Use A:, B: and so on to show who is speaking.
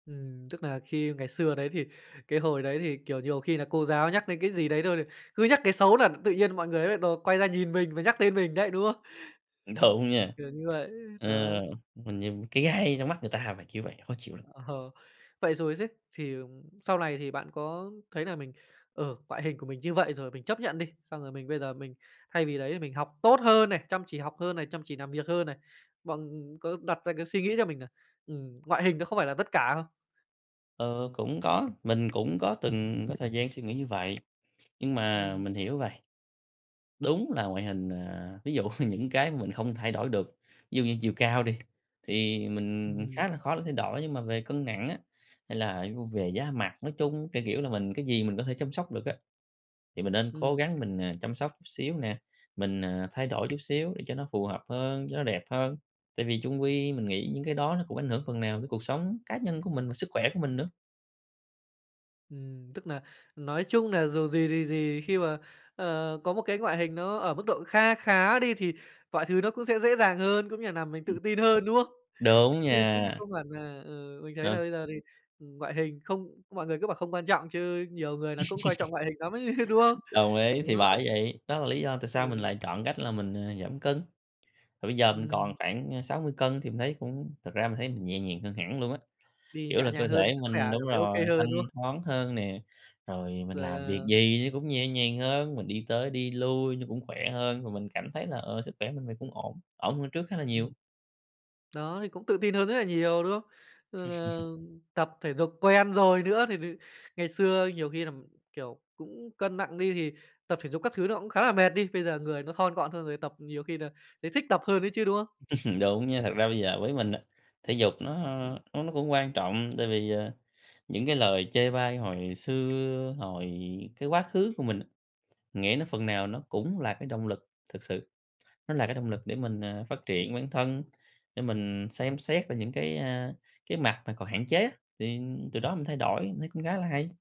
A: Ừm, tức nà khi ngày xưa đấy thì cái hồi đấy thì, kiểu, nhiều khi nà cô giáo nhắc đến cái gì đấy thôi là cứ nhắc cái xấu là tự nhiên mọi người nó nại đầu quay ra nhìn mình và nhắc tên mình đấy, đúng không?
B: Đúng nha.
A: Kiểu như vậy.
B: Ờ,
A: Đó.
B: mình như cái gai trong mắt người ta vậy, kiểu vậy. Khó chịu lắm.
A: Ờ. Vậy rồi xứ, thì, ờm, sau này thì bạn có thấy nà mình, ờ, ngoại hình của mình như vậy rồi mình chấp nhận đi, xong rồi mình bây giờ mình thay vì đấy thì mình học tốt hơn này, chăm chỉ học hơn này, chăm chỉ làm việc hơn này. Bọn, ừm, có đặt ra cái suy nghĩ cho mình nà, ừm, ngoại hình nó không phải là tất cả không?
B: Ờ, cũng có. Mình cũng có từng có thời gian suy nghĩ như vậy, nhưng mà
A: Ừm.
B: mình hiểu vầy. Đúng là ngoại hình à, ví dụ những cái mình không thay đổi được, ví dụ như chiều cao đi, thì mình
A: Ừm.
B: khá là khó là thay đổi, nhưng mà về cân nặng á, hay là [unintelligible] về da mặt nói chung, kiểu kiểu là, mình cái gì mình có thể chăm sóc được á, thì mình nên cố
A: Ừm.
B: gắng mình, ờ, chăm sóc chút xíu nè. Mình, ờ, thay đổi chút xíu để cho nó phù hợp hơn, cho nó đẹp hơn, tại vì chung quy mình nghĩ những cái đó nó cũng ảnh hưởng phần nào tới cuộc sống cá nhân của mình và sức khỏe của mình nữa.
A: Ừm, tức nà, nói chung nà dù gì thì gì, khi mà, ờ, có một cái ngoại hình nó ở mức độ kha khá đi, thì mọi thứ nó cũng sẽ dễ dàng hơn, cũng như nà làm mình
B: Ừm.
A: tự tin hơn, đúng không?
B: Đúng
A: Chứ cũng
B: nha!
A: không hẳn nà ừ, mình thấy nà
B: Ừ.
A: bây giờ thì, ừm, ngoại hình không mọi người cứ bảo không quan trọng, chứ nhiều người nà cũng coi trọng ngoại hình nắm ấy, đúng không?
B: Đồng ý,
A: Đó.
B: thì bởi vậy. Đó là lý do tại sao mình
A: Ừ.
B: lại chọn cách là mình, ờ, giảm cân. Thì bây giờ mình còn
A: Ừm.
B: khoảng, a, 60kg thì mình thấy cũng thật ra mình thấy mình nhẹ nhàng hơn hẳn luôn á,
A: Đi
B: kiểu
A: nhẹ
B: là, cơ
A: nhàng hơn,
B: thể
A: sức khỏe
B: mình, đúng
A: cảm thấy
B: rồi,
A: OK hơn,
B: thanh
A: đúng không?
B: thoáng hơn nè. Rồi mình
A: Rồi
B: làm việc
A: là
B: gì nó cũng nhẹ nhàng hơn, mình đi tới đi lui nó cũng khỏe hơn, và mình cảm thấy là, ờ, sức khỏe mình vầy cũng ổn, ổn hơn trước khá là nhiều.
A: Ừm. Đó, thì cũng tự tin hơn rất nà nhiều, đúng không? Rồi nà tập thể dục quen rồi nữa, thì-thì ngày xưa nhiều khi là, kiểu, cũng cân nặng đi, thì tập thể dục các thứ nó cũng khá là mệt đi, bây giờ người nó thon gọn hơn rồi, tập nhiều khi nà thấy thích tập hơn ấy chứ, đúng không?
B: Đúng nha. Thật ra bây giờ với mình á, thể dục nó nó nó cũng quan trọng, tại vì, ờ, những cái lời chê bai hồi xưa, hồi cái quá khứ của mình, nghĩ nó phần nào nó cũng là cái động lực thực sự. Nó là cái động lực để mình, ờ, phát triển bản thân, để mình xem xét lại những cái, a, cái mặt mà còn hạn chế á, thì từ đó mình thay đổi, mình thấy cũng khá là hay.